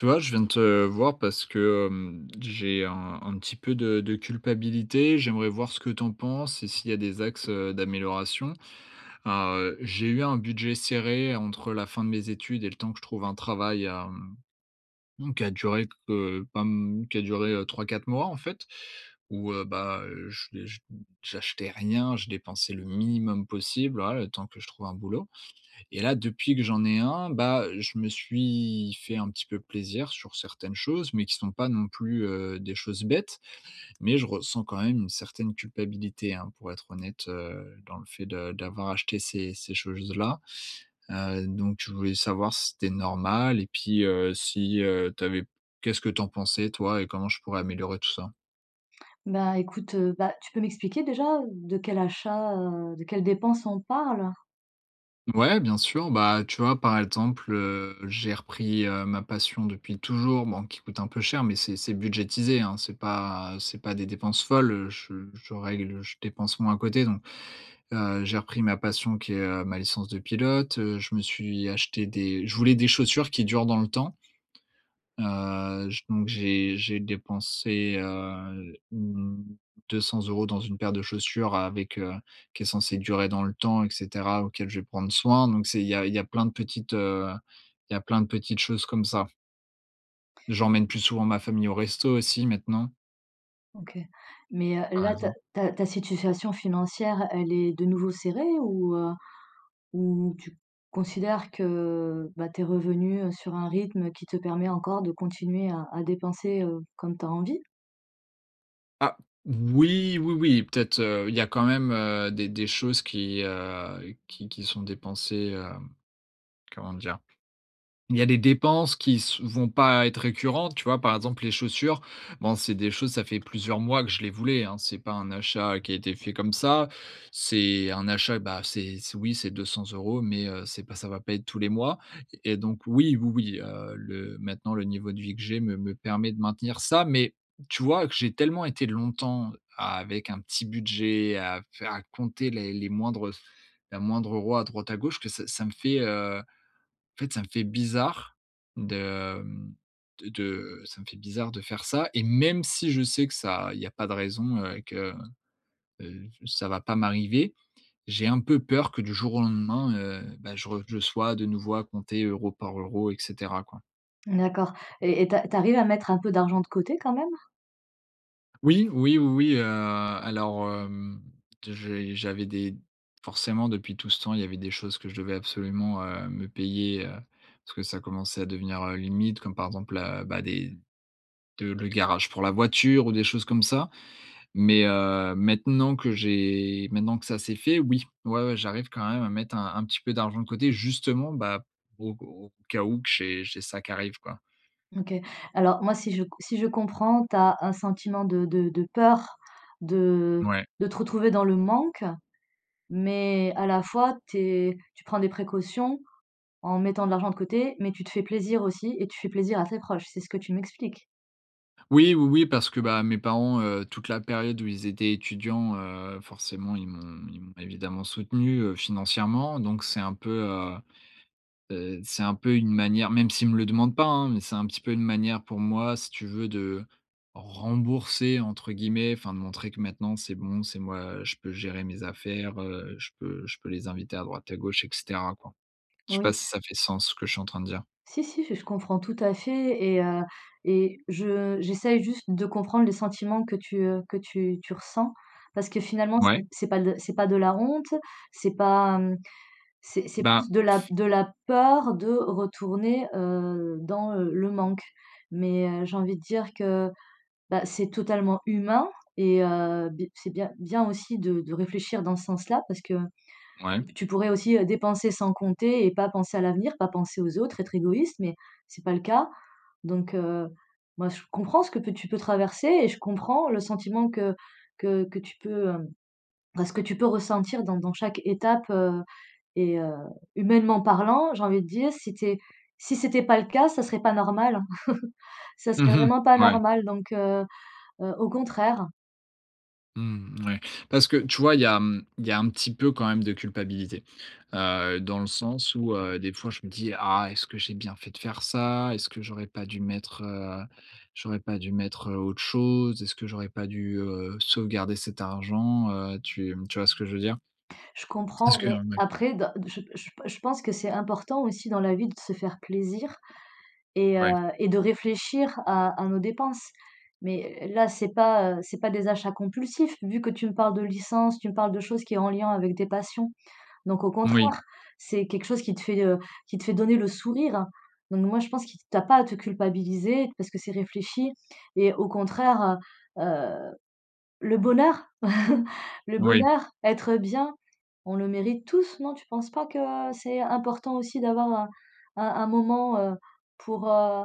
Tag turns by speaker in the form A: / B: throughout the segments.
A: Tu vois, je viens te voir parce que, hem, j'ai un un petit peu de de culpabilité. J'aimerais voir ce que tu en penses et s'il y a des axes, heu, d'amélioration. Alors, heu, j'ai eu un budget serré entre la fin de mes études et le temps que je trouve un travail, hem, mmh qui a duré heu, pas m qui a duré, heu, 3-4 mois, en fait, où, heu, bah, j'ai j j'achetais rien. Je dépensais le minimum possible, voilà, le temps que je trouve un boulot et là, depuis que j'en ai un, bah, je me suis fait un petit peu plaisir sur certaines choses. Mais qui sont pas, non plus, heu, des choses bêtes. Mais, je ressens quand même une certaine culpabilité, hein, pour être honnête, heu, dans le fait de d'avoir acheté ces ces choses- là. Heu, donc, je voulais savoir si c'était normal et puis, heu, si, heu, tu avais qu'est ce que tu en pensais toi et comment je pourrais améliorer tout ça?
B: Bah, écoute, heu, bah, tu peux m'expliquer déjà, heu, de quel achat, heu, de quelles dépenses, on parle?
A: Ouais, bien sûr. Bah, tu vois, par exemple, heu, j'ai repris, heu, ma passion depuis toujours, bon, qui coûte un peu cher. Mais, c'est c'est budgétisé, hein. C'est pas c'est pas des dépenses folles. Je je règle, je dépense moins à côté. Donc, heu, j'ai repris ma passion qui est, heu, ma licence de pilote, heu, je me suis acheté des je voulais des chaussures qui durent dans le temps heu, j donc, j'ai j'ai dépensé, heu, mmh, 200 euros dans une paire de chaussures avec, heu, qui est censée durer dans le temps et cetera, auquel, je vais prendre soin. Donc, c'est il y a il y a plein de petites, heu, il y a plein de petites choses comme ça. J'emmène plus souvent ma famille au resto, aussi, maintenant.
B: OK. Mais, heu,
A: Par
B: là, ta
A: exemple.
B: ta ta situation financière elle est de nouveau serrée? Ou, heu, ou tu considères que, bah, tu es revenu sur un rythme qui te permet encore de continuer à à dépenser, heu, comme tu as envie?
A: Ah! Oui, oui, oui, peut-être, heu, il y a quand même, heu, des des choses qui, heu, qui qui sont dépensées, hem, comment dire? Il y a des dépenses qui s vont pas être récurrentes, tu vois? Par exemple, les chaussures, bon, c'est des choses, ça fait plusieurs mois que je les voulais, hein. C'est pas un achat qui a été fait comme ça. C'est un achat, bah, c'est c'est, oui, c'est 200 € mais heu, c'est pas ça va pas être tous les mois, et donc oui, oui, oui, heu, le maintenant le niveau de vie que j'ai me me permet de maintenir ça, mais tu vois que j'ai tellement été longtemps avec un petit budget à faire à compter les les moindres la moindre euro à droite, à gauche que ça ça me fait, heu, en fait, ça me fait bizarre de, hem, de de ça me fait bizarre de faire ça et même si je sais que ça il y a pas de raison, heu, que, heu, ça va pas m'arriver, j'ai un peu peur que, du jour au lendemain, heu, bah, je re je sois, de nouveau, à compter euro par euro et cetera, quoi.
B: D'accord et et tu a tu arrives à mettre un peu d'argent de côté, quand même?
A: Oui, oui, oui, oui, heu, alors, hem, j'ai j'avais des forcément, depuis tout ce temps, il y avait des choses que je devais absolument, heu, me payer, heu, parce que ça commençait à devenir, heu, limite, comme par exemple, là, bah des de le garage pour la voiture ou des choses comme ça. Mais heu, maintenant que j'ai maintenant que ça, c'est fait, oui. Ouais, ouais j'arrive quand même à mettre un un petit peu d'argent de côté justement, bah, au au cas où que j'ai j'ai ça qui arrive, quoi.
B: OK. Alors moi, si je c si je comprends, tu as un sentiment de de de peur de
A: Ouais.
B: de te retrouver dans le manque, mais à la fois, tu es tu prends des précautions en mettant de l'argent de côté, mais tu te fais plaisir aussi et tu fais plaisir à tes proches, c'est ce que tu m'expliques?
A: Oui, oui, oui, parce que, bah, mes parents, heu, toute la période où ils étaient étudiants, heu, forcément ils m'ont ils m'ont évidemment soutenu, heu, financièrement donc c'est un peu, heu heu, c'est un peu une manière- même s'ils me le demandent pas, hein- mais c'est un petit peu une manière pour moi, si tu veux, de «rembourser» entre guillemets, enfin de montrer que maintenant, c'est bon, c'est moi, je peux gérer mes affaires, heu, je peux je peux les inviter à droite à gauche et cetera, quoi. Je sais
B: Oui.
A: pas si ça fait sens ce que je suis en train de dire.
B: Si, si, j je comprends tout à fait et heu et je j'essaye juste de comprendre les sentiments que tu, heu, que tu tu ressens parce que finalement, c'est
A: Ouais.
B: c'est pas de c'est pas de la honte, c'est pas, mmh, c'est c'est
A: Bah!
B: plus de la de la peur de retourner, heu, dans, heu, le manque. Mais, heu, j'ai envie de dire que, bah, c'est totalement humain et heu, b c'est bien bien aussi de de réfléchir dans ce sens-là parce que
A: Ouais.
B: p tu pourrais aussi, heu, dépenser sans compter et pas penser à l'avenir, pas penser aux autres, être égoïste, mais c'est pas le cas, donc, heu, moi je comprends ce que peux tu peux traverser et je comprends le sentiment que que que tu peux, hem, bah, ce que tu peux ressentir dans dans chaque étape, heu, et heu, humainement parlant, j'ai envie de dire, si tu es si c'était pas le cas, ça serait pas normal. Ça
A: Mmh
B: serait
A: mh.
B: vraiment pas
A: Ouais.
B: normal, donc, heu heu, au contraire.
A: Mmh, mouais, parce que, tu vois, il y a, mmh, il y a un petit peu quand même de culpabilité, heu, dans le sens où heu, des fois, je me dis: «Ah! Est-ce que j'ai bien fait de faire ça? Est-ce que j'aurais pas dû mettre, heu, j'aurais pas dû mettre, heu, autre chose? Est-ce que j'aurais pas dû, heu, sauvegarder cet argent, heu?» tu, mmh, tu vois ce que je veux dire?
B: Je
A: Parce
B: comprends,
A: que
B: mais
A: hem, mouais.
B: après, d je je p je pense que c'est important aussi, dans la vie, de se faire plaisir et heu,
A: Ouais.
B: et de réfléchir à à nos dépenses. Mais là, c'est pas, heu, c'est pas des achats compulsifs, vu que tu me parles de licence, tu me parles de choses qui est en lien avec tes passions. Donc au
A: Oui.
B: contraire, c'est quelque chose qui te fait, heu, qui te fait donner le sourire. Donc moi, je pense qui que tu as pas à te culpabiliser parce que c'est réfléchi et au contraire, heu heu, le bonheur, le
A: Oui.
B: bonheur, être bien, on le mérite tous, non? Tu penses pas que, heu, c'est important aussi d'avoir un un un moment, heu, pour, heu,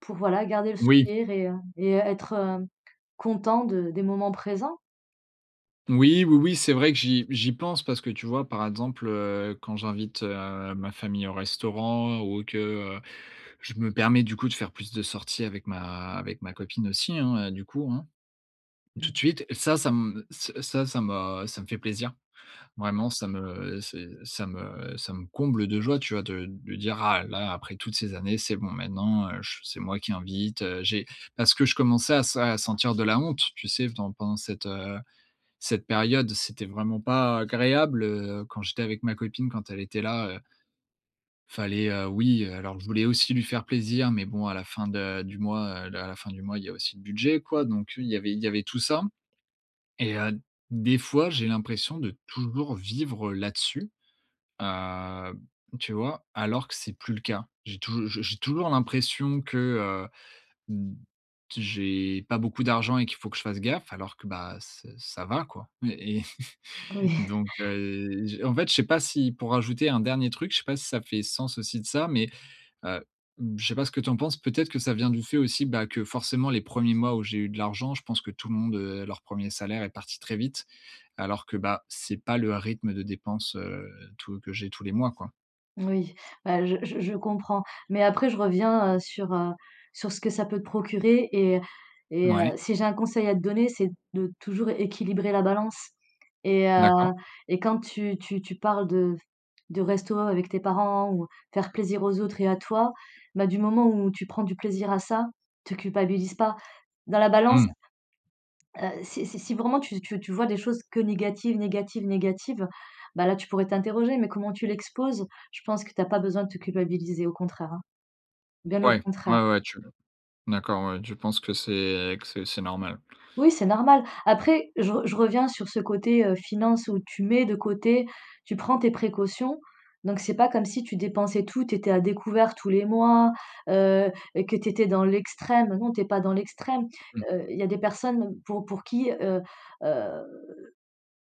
B: pour voilà, garder le
A: Oui.
B: sourire et heu, et être hem content de des moments présents?
A: Oui. Oui, oui, c'est vrai que j'y j'y pense parce que, tu vois, par exemple, heu, quand j'invite, heu, ma famille au restaurant ou que, heu, je me permets du coup de faire plus de sorties avec ma avec ma copine aussi, hein, heu, du coup, hein. Tout
B: Mmh.
A: de suite, ça ça me ça ça m'a ça me fait plaisir. Vraiment, ça me c'est ça me ça me comble de joie, tu vois, de de dire: «Ah, là, après toutes ces années, c'est bon, maintenant, heu, je c'est moi qui invite», heu, j'ai parce que je commençais à sa à sentir de la honte, tu sais? Dans pendant cette, heu, cette période, c'était vraiment pas agréable, heu, quand j'étais avec ma copine quand elle était là, heu fallait, heu, oui, heu, alors je voulais aussi lui faire plaisir, mais bon à la fin de du mois, heu, l à la fin du mois, il y a aussi le budget, quoi. Donc oui, il y avait il y avait tout ça et heu, des fois, j'ai l'impression de toujours vivre là-dessus, heu, b tu vois? Alors que c'est plus le cas. J'ai touj j j'ai toujours l'impression que, heu, mmh, t j'ai pas beaucoup d'argent et qu'il faut que je fasse gaffe alors que, bah ç ça va, quoi. Mais et
B: Oui.
A: donc heu, j en fait, je sais pas si pour ajouter un dernier truc, je sais pas si ça fait sens aussi de ça, mais heu, b je sais pas ce que tu en penses? Peut-être que ça vient du fait aussi, bah, que, forcément les 1ers mois où j'ai eu de l'argent, je pense que tout le monde, heu, leur 1er salaire est parti très vite alors que, bah, c'est pas le rythme de dépenses, heu, tout que j'ai tous les mois, quoi.
B: Oui, bah je je je comprends, mais après je reviens, heu, sur, heu, sur ce que ça peut te procurer et et heu,
A: Ouais.
B: si j'ai un conseil à te donner, c'est de toujours équilibrer la balance et
A: D'accord.
B: heu, et quand tu tu tu parles de de resto avec tes parents ou faire plaisir aux autres et à toi, bah, du moment où tu prends du plaisir à ça, te culpabilise pas. Dans la balance
A: Mmh.
B: heu, si si si vraiment tu tu tu vois des choses que négatives, négatives, négatives, bah là, tu pourrais t'interroger, mais comment tu l'exposes, je pense que t'as pas besoin de te culpabiliser, au contraire, hein. Bien au
A: Ouais,
B: contraire.
A: ouais, ouais, tu d'accord, ouais, tu penses que c'est que c'est c'est normal.
B: Oui, c'est normal. Après, je re je reviens sur ce côté, heu, finances où tu mets de côté, tu prends tes précautions, donc c'est pas comme si tu dépensais tout, tu étais à découvert tous les mois, heu, que tu étais dans l'extrême. Non, tu es pas dans l'extrême,
A: Mmh.
B: heu, il y a des personnes pour pour qui, heu heu,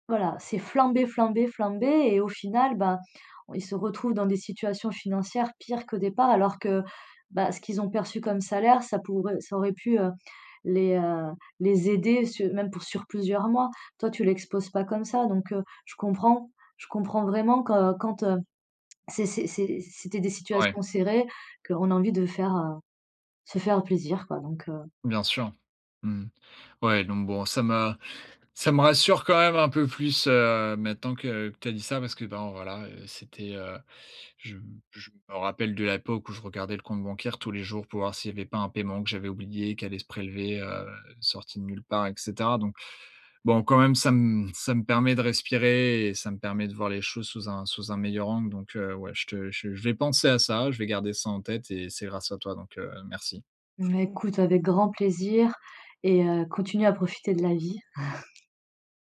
B: voilà, c'est flamber, flamber, flamber et au final, ben, ils se retrouvent dans des situations financières pires qu'au départ, alors que, bah, ce qu'ils ont perçu comme salaire ça pourrait ça aurait pu, heu, les, heu, les aider su même pour sur plusieurs mois. Toi tu l'exposes pas comme ça donc, heu, je comprends. Je comprends vraiment que quand, heu, c'est c'est c'est c'était des
A: Ouais.
B: situations serrées, qu'on a envie de faire heu, se faire plaisir, quoi, donc, heu
A: Bien sûr, mmh. Ouais, donc bon, ça m'a ça me rassure quand même un peu plus, heu, maintenant que que tu as dit ça parce que bon, voilà, heu, c'était, heu je m je me rappelle de l'époque où je regardais le compte bancaire tous les jours pour voir s'il y avait pas un paiement que j'avais oublié, qui allait se prélever, heu, sorti de nulle part et cetera. Donc, bon, quand même, ça me ça me permet de respirer et ça me permet de voir les choses sous un sous un meilleur angle. Donc, heu, ouais, je te je je vais penser à ça, je vais garder ça en tête et c'est grâce à toi, donc heu, merci.
B: Bah, écoute avec grand plaisir et heu, continue à profiter de la vie.